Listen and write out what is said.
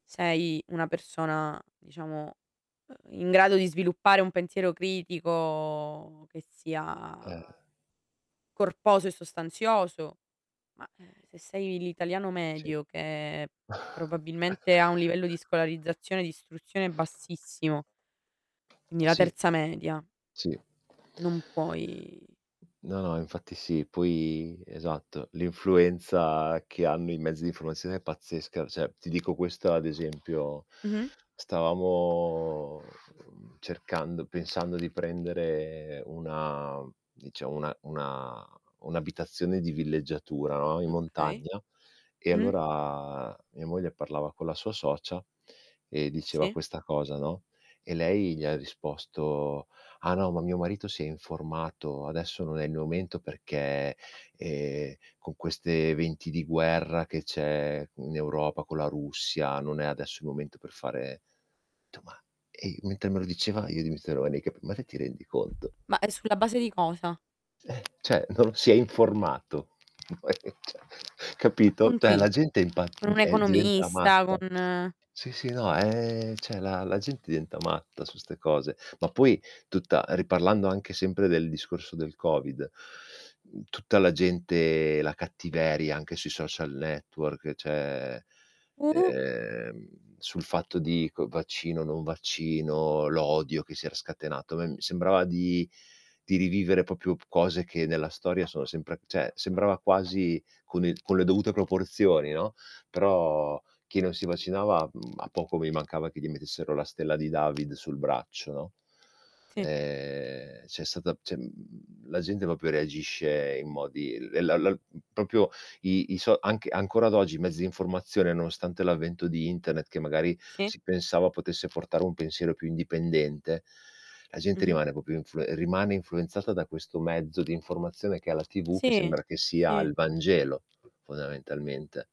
Sei una persona, diciamo, uhm, in grado di sviluppare un pensiero critico che Eh. sia corposo e sostanzioso, ma, ehm, se sei l'italiano Sì. medio che probabilmente ha un livello di scolarizzazione e di istruzione bassissimo quindi la Sì. 3º media Sì. non puoi No, no, infatti sì, poi esatto. L'influenza che hanno i mezzi di formazione è pazzesca, cioè ti dico questo ad esempio Mh-mh. stavamo, mhmm, cercando pensando di prendere una dicia 1 1 1 abitazione di villeggiatura, no, in Okay. montagna, e Mh-mh. allora mia moglie parlava con la sua socia e diceva Sì. questa cosa, no. E lei gli ha risposto: "Ah no, ma mio marito si è informato, adesso non è il momento perché, ehm, con queste venti di guerra, che c'è in Europa, con la Russia, non è adesso il momento per fare". Ho detto:" Ma", e mentre me lo diceva, io di mister [unintelligible] ma te ti rendi conto? Ma è sulla base di cosa? Eh. Cioè non si è informato, cioè capito? Con Cioè la chi? gente è impa Con un è diventa economista, con matta. Sì, sì, no, ehm, cioè la gente diventa matta su ste cose. Ma poi tutta riparlando anche sempre del discorso del covid, tutta la gente la cattiveria anche sui social network, cioè Uh! ehm sul fatto di c vaccino, non vaccino, l'odio che si era scatenato. A me sembrava di di rivivere proprio cose, che nella storia sono sempre cioè sembrava quasi, con il con le dovute proporzioni, no. Però chi non si vaccinava, a poco mi mancava che gli mettessero la stella di David sul braccio, no. Sì. Ehm, c'è stata, cioè la gente proprio reagisce in modi la la mhmm, proprio i i so anche ancora ad oggi i mezzi di informazione, nonostante l'avvento di internet che magari Sì. si pensava potesse portare un pensiero più indipendente, la gente Mh-mh. rimane proprio influe rimane influenzata da questo mezzo di informazione che la TV, che Sì, sembra che sia sì. al Vangelo, fondamentalmente.